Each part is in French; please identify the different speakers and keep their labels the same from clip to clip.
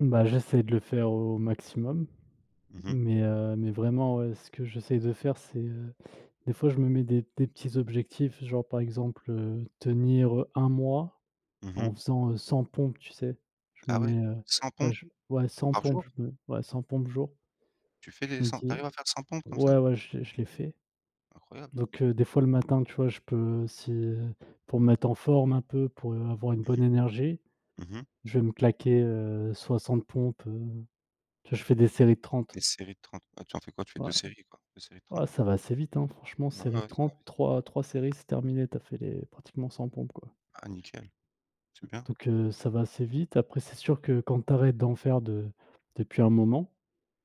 Speaker 1: Bah j'essaye de le faire au maximum.
Speaker 2: Mmh mh.
Speaker 1: Mais heu, mais vraiment, heu, ce que j'essaye de faire c'est, heu, des fois je me mets des des petits objectifs. Genre par exemple, heu, tenir, heu, 1 mois
Speaker 2: Mmh mh.
Speaker 1: en faisant, heu, 100 pompes, tu sais? Je me
Speaker 2: Ah ouais,
Speaker 1: mets, heu,
Speaker 2: 100
Speaker 1: ouais
Speaker 2: pompes!
Speaker 1: j ouais, 100
Speaker 2: Par
Speaker 1: pompes,
Speaker 2: jour?
Speaker 1: je me ouais 100 pompes jour.
Speaker 2: Tu fais
Speaker 1: Je
Speaker 2: les
Speaker 1: me
Speaker 2: 100? Tu
Speaker 1: dis
Speaker 2: arrives à faire 100 pompes comme ça?
Speaker 1: ouais, ouais je l'ai je l'ai fait.
Speaker 2: Incroyable!
Speaker 1: Donc heu, des fois le matin, tu vois? Je peux, si pour me mettre en forme un peu, pour avoir une bonne énergie,
Speaker 2: Mmh mh. Mmh mh.
Speaker 1: je vais me claquer, heu, 60 pompes, heu tu vois? Je fais des séries de 30.
Speaker 2: Les séries de 30. Ah tu en fais quoi? Tu fais 2
Speaker 1: Ouais.
Speaker 2: séries quoi, 2 séries de 30?
Speaker 1: Ouais ça va assez vite, hein, franchement
Speaker 2: Ouais,
Speaker 1: série
Speaker 2: ouais,
Speaker 1: de
Speaker 2: ouais, ça va vite.
Speaker 1: 30-3-3 séries, c'est terminé. Tu as fait les pratiquement 100 pompes, quoi.
Speaker 2: Ah nickel. Super!
Speaker 1: Donc heu, ça va assez vite, après c'est sûr que quand tu arrêtes d'en faire de depuis un moment,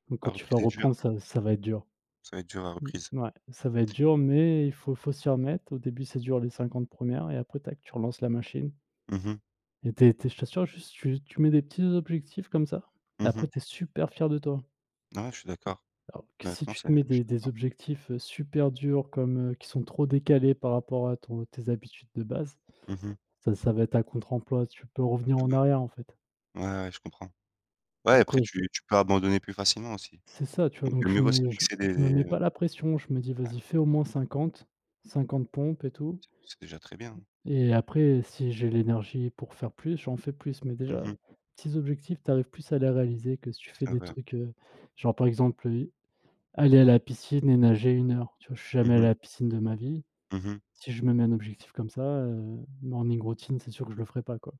Speaker 1: donc quand
Speaker 2: La
Speaker 1: tu vas
Speaker 2: reprise est dure!
Speaker 1: reprendre ça ça va être dur.
Speaker 2: Ça va être dur la
Speaker 1: Mmh
Speaker 2: reprise.
Speaker 1: ouais. Ça va être dur mais il faut faut s'y remettre. Au début ça dure les 50 1ères et après tac, tu relances la machine.
Speaker 2: Mmh mh.
Speaker 1: Et tu es tu es je t'assure, juste tu tu mets des petits objectifs comme ça et
Speaker 2: Mmh
Speaker 1: après
Speaker 2: mh.
Speaker 1: tu es super fier de toi.
Speaker 2: Non, ouais je suis d'accord.
Speaker 1: Alors que si
Speaker 2: Maintenant
Speaker 1: tu
Speaker 2: c'est
Speaker 1: te mets
Speaker 2: je suis
Speaker 1: des des
Speaker 2: d'accord.
Speaker 1: objectifs, heu, super durs comme, heu, qui sont trop décalés par rapport à ton tes habitudes de base.
Speaker 2: Mmh mh.
Speaker 1: Ça ça va être à contre emploi, tu peux revenir
Speaker 2: Heu,
Speaker 1: en
Speaker 2: bah,
Speaker 1: arrière en fait.
Speaker 2: ouais, ouais, je comprends. Ouais,
Speaker 1: Donc
Speaker 2: après
Speaker 1: ouais
Speaker 2: tu
Speaker 1: je
Speaker 2: tu peux abandonner plus facilement aussi.
Speaker 1: C'est ça, tu vois?
Speaker 2: Donc du
Speaker 1: Donc je
Speaker 2: mieux vaux se
Speaker 1: me j m
Speaker 2: fixer
Speaker 1: je me mets
Speaker 2: des
Speaker 1: pas la pression, je me dis:
Speaker 2: hein.
Speaker 1: «Vas-y, fais au moins 50- 50 pompes et tout»,
Speaker 2: C'est c'est déjà très bien.
Speaker 1: et après si j'ai l'énergie pour faire plus, j'en fais plus! Mais
Speaker 2: Mmh
Speaker 1: déjà,
Speaker 2: mh.
Speaker 1: petits objectifs, tu arrives plus à les réaliser que si tu fais
Speaker 2: C'est
Speaker 1: des
Speaker 2: vrai.
Speaker 1: trucs, heu, genre par exemple, heu, aller à la piscine et nager 1 heure, tu vois? Je suis jamais
Speaker 2: Mmh
Speaker 1: aller à
Speaker 2: mh.
Speaker 1: la piscine de ma vie.
Speaker 2: Mmh mh.
Speaker 1: Si je me mets un objectif comme ça heu, morning routine c'est sûr que je le ferai pas, quoi.